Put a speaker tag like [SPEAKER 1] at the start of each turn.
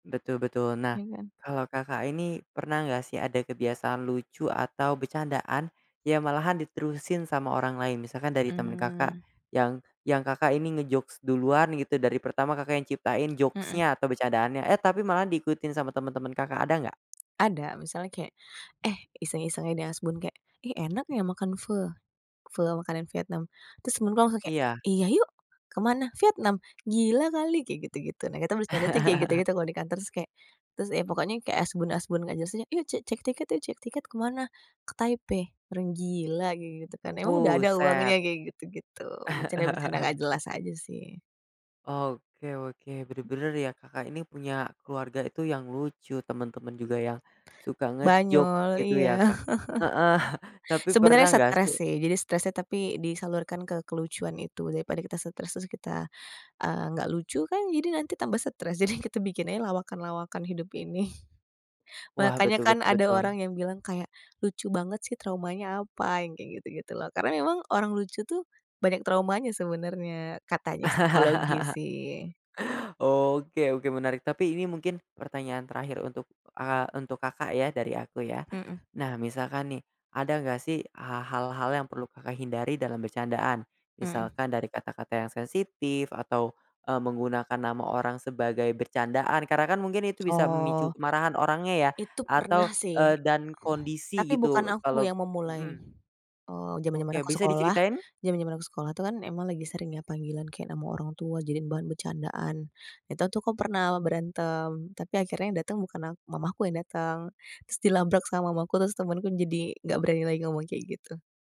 [SPEAKER 1] Betul betul. Nah,
[SPEAKER 2] Iya kan.
[SPEAKER 1] kalau Kakak ini pernah enggak sih, ada kebiasaan lucu atau bercandaan, yang malahan diterusin sama orang lain, misalkan dari temen Kakak,
[SPEAKER 2] Mmm.
[SPEAKER 1] yang yang Kakak ini nge-jokes duluan gitu, dari pertama Kakak yang ciptain
[SPEAKER 2] Heeh.
[SPEAKER 1] jokes-nya atau becandaannya, eh, tapi malah diikutin sama temen-temen Kakak, ada enggak?
[SPEAKER 2] Ada misalnya kayak, "Eh," iseng-iseng dia asbun, kek, "ih, enak ya, makan Pho," Pho makanan Vietnam. Terus temen aku langsung kek,
[SPEAKER 1] Iya.
[SPEAKER 2] "Iya yuk," "ke mana?" "Vietnam," "gila kali," kayak gitu gitu. Nah, kita bercanda tuh yang kayak gitu gitu kalau di kantor terus kayak terus ya, pokoknya kayak asbun-asbun gak jelas aja, "Yuk, ce cek tiket, yuk cek tiket" "ke mana?" "Ke Taipei," "orang gila," kayak gitu kan, "emang udah ada
[SPEAKER 1] Buset.
[SPEAKER 2] uangnya?" Kayak gitu gitu, bercanda-bercanda nggak jelas aja sih.
[SPEAKER 1] Oke oke,
[SPEAKER 2] [unintelligible]
[SPEAKER 1] bener-bener ya, Kakak ini punya keluarga itu yang lucu, temen-temen juga yang, suka nge-joke
[SPEAKER 2] Banyol
[SPEAKER 1] gitu ya,
[SPEAKER 2] iya.
[SPEAKER 1] Kak. Heeh, tapi pernah
[SPEAKER 2] Sebenernya
[SPEAKER 1] nggak sih
[SPEAKER 2] stres sih, jadi stresnya tapi disalurkan ke kelucuan itu, daripada kita stres, terus kita, eee, enggak lucu kan, jadi nanti tambah stress, jadi kita bikin aja lawakan-lawakan hidup ini.
[SPEAKER 1] Wah,
[SPEAKER 2] Makanya
[SPEAKER 1] betul
[SPEAKER 2] kan
[SPEAKER 1] betul
[SPEAKER 2] ada
[SPEAKER 1] betul.
[SPEAKER 2] orang yang bilang kayak, "Lucu banget sih, traumanya apa?" Yang kayak gitu gitu loh, karena memang orang lucu tuh, banyak traumanya sebenarnya, katanya psikologi sih.
[SPEAKER 1] Oke oke, menarik, tapi ini mungkin pertanyaan terakhir untuk, eee, untuk Kakak ya, dari aku ya.
[SPEAKER 2] Mhm.
[SPEAKER 1] Nah, misalkan nih, ada nggak sih, ha hal-hal yang perlu Kakak hindari dalam bercandaan.
[SPEAKER 2] Heeh.
[SPEAKER 1] Misalkan dari kata-kata yang sensitif, atau, eee, menggunakan nama orang sebagai bercandaan, karena kan mungkin itu bisa memicu
[SPEAKER 2] Oh.
[SPEAKER 1] kemarahan orangnya ya,
[SPEAKER 2] Itu
[SPEAKER 1] atau,
[SPEAKER 2] pernah sih.
[SPEAKER 1] eee, dan kondisi
[SPEAKER 2] Tapi bukan
[SPEAKER 1] gitu,
[SPEAKER 2] aku
[SPEAKER 1] kalau
[SPEAKER 2] yang memulai,
[SPEAKER 1] mhm.
[SPEAKER 2] eee, jaman-jaman
[SPEAKER 1] Oke,
[SPEAKER 2] aku
[SPEAKER 1] bisa
[SPEAKER 2] sekolah
[SPEAKER 1] diceritain?
[SPEAKER 2] jaman-jaman aku sekolah tuh kan, emang lagi sering ya, panggilan kayak nama orang tua jadiin bahan bercandaan. Itu tuh aku pernah berantem, tapi akhirnya yang datang bukan ak mamaku yang datang, terus di labrak sama mamaku, terus temenku jadi nggak berani lagi ngomong kayak gitu.